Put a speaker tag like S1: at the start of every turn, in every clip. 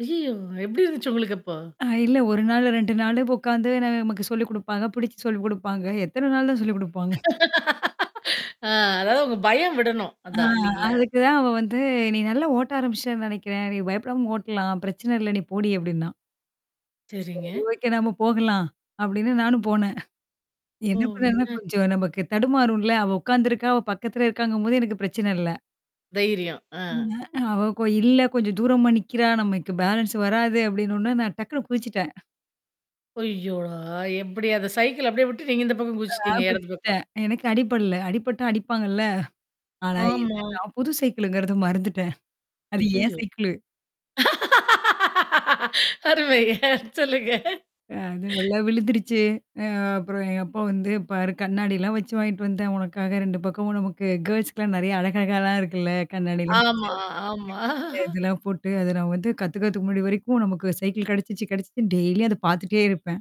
S1: ஐய்யய்யோ! எப்டி இருந்துச்சு உங்களுக்கு அப்போ?
S2: அ இல்ல 1 நாள் 2 நாளு உக்காந்து நான் நமக்கு சொல்லிக் குடுப்பாங்க, பிடிச்சு சொல்லிக் குடுப்பாங்க. எத்தன நாள் தான் சொல்லி குடுப்பாங்க?
S1: ஆ, அதாவது உங்க பயம் விடணும்,
S2: ஆ
S1: அதான். இல்லலைங்களா?
S2: அதுக்கு தான் அவ வந்து "நீ நல்லா ஓட்ட ஆரம்பிச்சுட்டேன்னு நெனைக்கிறேன். நீ பயப்படாம ஓட்டலாம். பிரச்சனை இல்ல. நீ போடி" அப்டின்னா. "சரி
S1: சரிங்க.
S2: ஓகே நம்ம போகலாம்" அப்டின்னு நானும் போனேன்.
S1: ஓ!
S2: என்னா பண்ணேன்னா
S1: என்னா ஆச்
S2: கொஞ்சம் நமக்கு தடுமாறும்ல! அவ உக்காந்துருக்கா, அவ பக்கத்தல இருக்காங்கும்போது எனக்கு பிரச்சன இல்ல!
S1: தைரியம். ஆ.
S2: [unintelligible] "அவ இப்போ இல்ல! கொஞ்சம் தூரமா நிக்கிறா, நமக்கு பேலன்ஸ் வராது" அப்டின்னோன்னே நான் டக்குனு குதிச்சுட்டன்.
S1: ஐய்யோடா! எப்படி? அந்த சைக்கிள அப்டியே விட்டு, நீங்க இந்த பக்கம்
S2: ஆ
S1: குதிச்சுட்டீங்க எடது பக்கம்.
S2: குதிச்சுட்டேன். எனக்கு அடிபடல. அடிபட்டா அடிப்பாங்கல்ல! ஆனா
S1: ஆமா.
S2: என்னானா புது சைக்கிள்ங்கறது மறந்துட்டேன். அது என்
S1: அய்யய்யோ!
S2: சைக்கிளு.
S1: அருமை சொல்லுங்க.
S2: அ அது நல்லா விழுந்துருச்சு. அ அப்புறம் எங்க அப்பா வந்து, "பாரு கண்ணாடிலாம் வச்சு வாங்கிட்டு வந்தேன். உனக்காக" 2 பக்கமும் நமக்கு கேர்ள்ஸ்க்கலாம் நெறையா அழகழகலாம் இருக்குல்ல! கண்ணாடிலாம் வச்சு.
S1: ஆமா ஆமா.
S2: [unintelligible] இதெல்லாம் போட்டு அத நான் வந்து கத்துக்குறதுக்கு முன்னாடி வரைக்கும் நமக்கு சைக்கிள் கெடைச்சிச்சு கெடைச்சிச்சுன்னு டெய்லியும் அத பாத்துட்டே இருப்பேன்.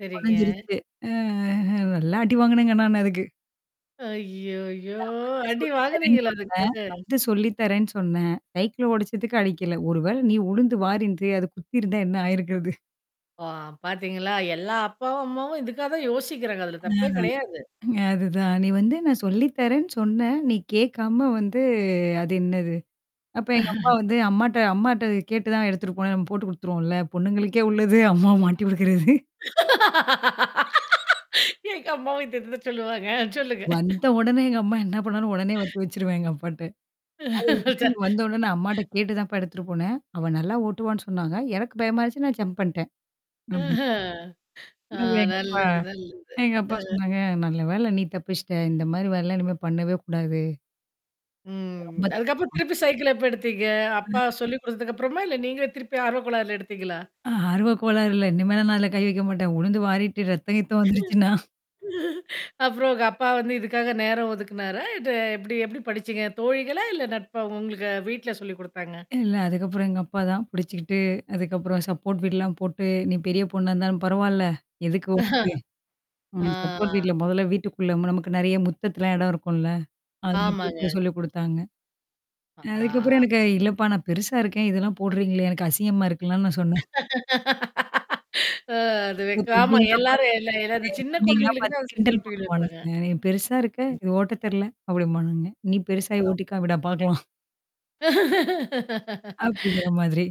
S1: சரிங்க.
S2: ஒடஞ்சிருச்சு. அ அஹ நல்லா அடி வாங்குனேங்க நான் அதுக்கு.
S1: ஐய்யயோ!
S2: நான் வந்து
S1: அடி
S2: சொல்லி தரேன்னு
S1: வாங்குனீங்களா
S2: சொன்னேன்
S1: அதுக்கு?
S2: வந்து சொல்லித்தறேன்னு சொன்னேன், சைக்கிள ஒடச்சதுக்கு அடிக்கல! ஒருவேள நீ விழுந்து வாரிருந்து, அது குத்திருந்தா என்னா ஆயிருக்கிறது?
S1: ஆ பாத்தீங்களா! எல்லா அப்பாவும், அம்மாவும் இதுக்காக தான் யோசிக்கிறாங்க. அதுல
S2: அ
S1: தப்பே கெடையாது.
S2: அது தான் "நீ வந்து நான் சொல்லி தரேன்னு சொன்னேன். நீ கேக்காம வந்து அது என்னது?" அப்ப எங்க அப்பா வந்து, அம்மாட்ட அம்மாட்ட கேட்டு தான் எடுத்துட்டு போனேன்னு நம்ம போட்டு குடுத்துருவோம்ல. பொண்ணுங்களுக்கே உள்ளது, அம்மாவ மாட்டி குடுக்கறது.
S1: எங்க அம்மாவும் இதேதுதான் சொல்லுவாங்க. அ சொல்லுங்க.
S2: வந்த உடனே எங்க அம்மா என்னா பண்ணாலும், உடனே வத்தி வச்சுருவேன் எங்க அப்பாட்ட. அது வந்து வந்த உடனே அம்மாட்ட
S1: ச
S2: கேட்டு தான்ப்பா எடுத்துட்டு போனேன். அவ நல்லா ஓட்டுவான்னு சொன்னாங்க. எனக்கு பயமா இருந்துச்சு நான் ஜம்ப் பண்ட்டேன்.
S1: ஆஹ.
S2: அப்டீன்
S1: ஆ
S2: [unintelligible] எங்க அப்பா
S1: நல்லது நல்லது.
S2: எங்க அப்பா
S1: அம்.
S2: சொன்னாங்க. "நல்ல வேல நீ தப்பிச்சுட்ட, இந்த மாரி வேலலாம் இனிமே பண்ணவே கூடாது" "இது
S1: ம்.
S2: ரொம்ப தப்புமா"
S1: அதுக்கப்புறம் திருப்பி சைக்கிள எப்ப எடுத்தீங்க? அப்பா
S2: ம்.
S1: சொல்லிக் குடுத்ததுக்கப்புறமா? இல்ல நீங்களே திருப்பி ஆர்வக்கோலார்ல எடுத்தீங்களா?
S2: ஆ ஆர்வ கோளாறு இல்ல. இனிமேலாம் நான் அதில கை வைக்க மாட்டேன். உழுந்து வாரிட்டு ரத்தம் கித்தம் வந்துருச்சுன்னா?
S1: அப்புறம் உங்க அப்பா வந்து இதுக்காக நேரம் ஒதுக்குனாரா? இல்ல எப்படி? எப்படி படிச்சீங்க? தோழிகளா? இல்ல நட்பா? உங்களுக்கு வீட்ல சொல்லிக் குடுத்தாங்க?
S2: இல்ல! அதுக்கப்புறம் எங்க அப்பா தான் புடிச்சுக்கிட்டு அதுக்கப்புறம் சப்போர்ட் வீல்லாம் போட்டு, நீ பெரிய பொண்ணா இருந்தாலும் பரவால்ல. எதுக்கு வம்பு? உனக்கு
S1: ஆ.
S2: சப்போர்ட் வீல்ல மொதல்ல வீட்டுக்குள்ள ம்ம நமக்கு நெறையா முத்தத்தலாம் எடம் இருக்கும்ல? அதில
S1: ஆமாங்க.
S2: கூப்ட்டு சொல்லி குடுத்தாங்க. அ அதுக்கப்புறம்
S1: ஆ.
S2: எனக்கு இல்லப்பா நான் பெருசா இருக்கேன். இதெல்லாம் போடுறீங்களே! எனக்கு அசிங்கம்மா இருக்குன்லாம் நான் சொன்னேன்.
S1: அ அது
S2: இப்போ
S1: வெக்க ஆமா
S2: தம்பிங்கல்லாம்
S1: எல்லாரும் எல்லா
S2: பாத்து
S1: எல்லாந்த
S2: நெறையா என்
S1: சின்ன
S2: தம்பிங்கலாம்
S1: கொழந்தைகளுக்கு
S2: பாத்து
S1: தான் அத
S2: கிண்டல்
S1: சப்போர்ட் வீல் வைப்பாங்க.
S2: பண்ணுவானுங்க ஆ "பெருசா இருக்க! இது ஓட்ட தெர்ல?" அப்படிம்பானுங்க. "நீ பெருசாயி
S1: ஆ
S2: ஓட்டிக்காமிடா பாக்கலாம்" அப்டிங்குற மாதிரி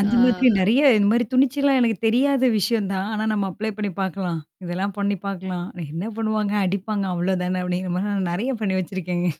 S2: அந்த மாதிரி
S1: ஆ
S2: நெறையா இந்த மாரி துணிச்சலா, எனக்கு தெரியாத விஷயம் தான். ஆனா நம்ம அப்ளை பண்ணீ பாக்கலாம். இதெல்லாம் பண்ணீ பாக்கலாம். "என்னா பண்ணுவாங்க? அடிப்பாங்க! அவ்வளோ தானே!" அப்படிங்கிற மாரி, நான் நெறையா பண்ணீ வச்சிருக்கேங்க.